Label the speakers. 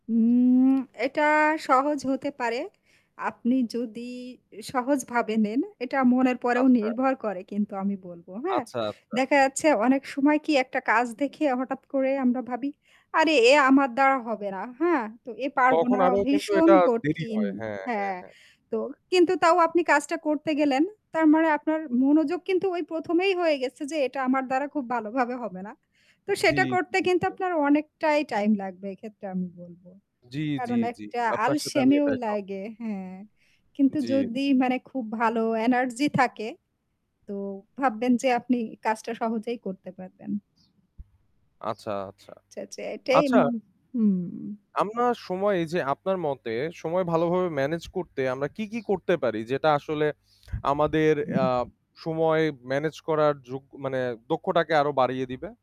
Speaker 1: হুম, এটা সহজ হতে পারে, আপনি যদি সহজভাবে নেন। এটা মনের পরেও
Speaker 2: আচ্ছা।
Speaker 1: নির্ভর করে কিন্তু আমি বলব হ্যাঁ?
Speaker 2: আচ্ছা, আচ্ছা।
Speaker 1: দেখা যাচ্ছে অনেক সময় কি একটা কাজ দেখে হঠাৎ করে আমরা ভাবি, আরে এ আমার দ্বারা হবে না হ্যাঁ? তো এ পারব
Speaker 2: তখন
Speaker 1: না।
Speaker 2: আরো কিন্তু
Speaker 1: ভীষণ
Speaker 2: এটা দেরি
Speaker 1: কঠিন।
Speaker 2: হয়। হ্যাঁ, হ্যাঁ,
Speaker 1: হ্যাঁ,
Speaker 2: হ্যাঁ।
Speaker 1: তো কিন্তু তাও আপনি কাজটা করতে গেলেন। তার মানে আপনার মনোযোগ কিন্তু ওই ১ম এই হয়ে গেছে যে এটা আমার দ্বারা খুব ভালোভাবে হবে না। তো
Speaker 2: জ্বী,
Speaker 1: সেটা করতে
Speaker 2: জ্বী,
Speaker 1: কিন্তু
Speaker 2: জ্বী।
Speaker 1: আপনার অনেকটাই টাইম লাগবে এক্ষেত্রে আমি বলব।
Speaker 2: জ্বী, জ্বী,
Speaker 1: কারণ
Speaker 2: জ্বী।
Speaker 1: একটা
Speaker 2: আপনার সাথে আমি
Speaker 1: আলসেমিও
Speaker 2: এটায় সহ
Speaker 1: লাগে হ্যাঁ। কিন্তু
Speaker 2: জ্বী।
Speaker 1: যদি মানে খুব ভালো এনার্জি থাকে, তো ভাববেন যে আপনি কাজটা সহজেই করতে পারবেন।
Speaker 2: আচ্ছা, আচ্ছা।
Speaker 1: আচ্ছা, আচ্ছা এটাই উম
Speaker 2: আচ্ছা
Speaker 1: হুম।
Speaker 2: আপনার সময় এই যে আপনার মতে, সময় ভালোভাবে মেনেজ করতে আমরা কী, কী করতে পারি? যেটা আসলে আমাদের অ্যা সময় মেনেজ করার যোগ্য মানে দক্ষতাকে আরো বাড়িয়ে দিবে?